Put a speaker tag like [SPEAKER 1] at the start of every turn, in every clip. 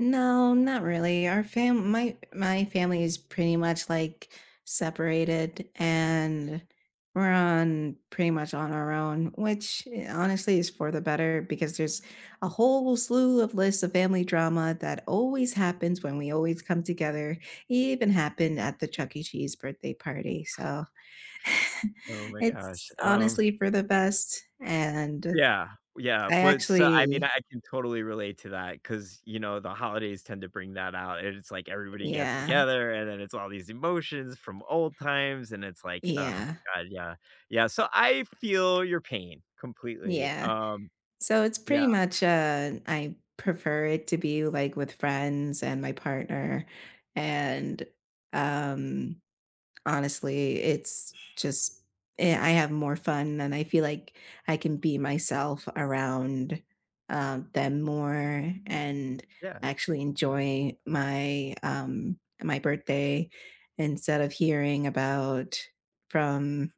[SPEAKER 1] No, not really our fam my my family is pretty much, like, separated, and we're on pretty much on our own, which i honestly is for the better, because there's a whole slew of list of family drama that always happens when we always come together, even happened at the Chuck E. Cheese birthday party, so
[SPEAKER 2] Oh my gosh,
[SPEAKER 1] it's
[SPEAKER 2] um
[SPEAKER 1] honestly for the best, and
[SPEAKER 2] Yeah. Oh, yeah,
[SPEAKER 1] I
[SPEAKER 2] but s I mean, I
[SPEAKER 1] actually
[SPEAKER 2] can totally relate to that, 'cause, you know, the holidays tend to bring that out, and it's like everybody gets
[SPEAKER 1] Yeah.
[SPEAKER 2] together, and then it's all these emotions from old times, and it's like, "Ugh,"
[SPEAKER 1] Yeah.
[SPEAKER 2] God yeah. Yeah, so, I feel your pain completely,
[SPEAKER 1] Yeah.
[SPEAKER 2] um,
[SPEAKER 1] So, it's
[SPEAKER 2] yeah.
[SPEAKER 1] pretty much, uh, I prefer it to be, like, with friends and my partner, and, um, honestly, it's just i I have more fun than I feel like I can be myself around, uh, them more and
[SPEAKER 2] Yeah.
[SPEAKER 1] actually
[SPEAKER 2] Yeah.
[SPEAKER 1] enjoy my, um my birthday, instead of hearing about from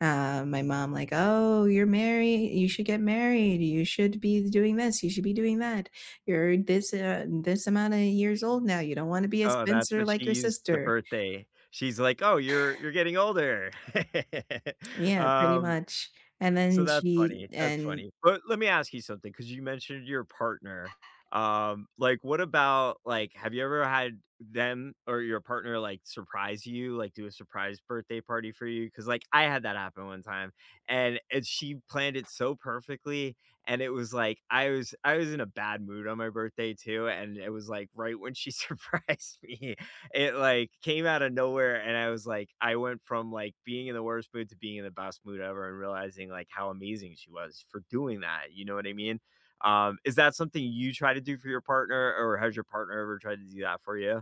[SPEAKER 1] uh, my mom, like, "Oh, you're married you should get married, you should be doing this, you should be doing that. You're this and, uh this amount of years old now, you don't want to be a
[SPEAKER 2] Oh, that's
[SPEAKER 1] spinster
[SPEAKER 2] what she
[SPEAKER 1] like your
[SPEAKER 2] used the
[SPEAKER 1] sister."
[SPEAKER 2] birthday, she's like, "Oh, you're you're getting older."
[SPEAKER 1] Yeah, pretty
[SPEAKER 2] Um,
[SPEAKER 1] much. And
[SPEAKER 2] so
[SPEAKER 1] then
[SPEAKER 2] that's
[SPEAKER 1] she
[SPEAKER 2] funny, that's
[SPEAKER 1] and
[SPEAKER 2] funny, but let me ask you something, 'cause you mentioned your partner, um, like, what about like, have you ever had them or your partner, like, surprise you, like, do a surprise birthday party for you? 'Cause, like, I had that happen one time, and and she planned it so perfectly, and it was, like I was I was in a bad mood on my birthday too, and it was, like, right when she surprised me, it, like, came outta nowhere, and I was, like I went from, like, being in the worst mood to being in the best mood ever, and realizing, like, how amazing she was for doing that, you know what I mean? Um, is that something you try to do for your partner, or has your partner ever tried to do that for you?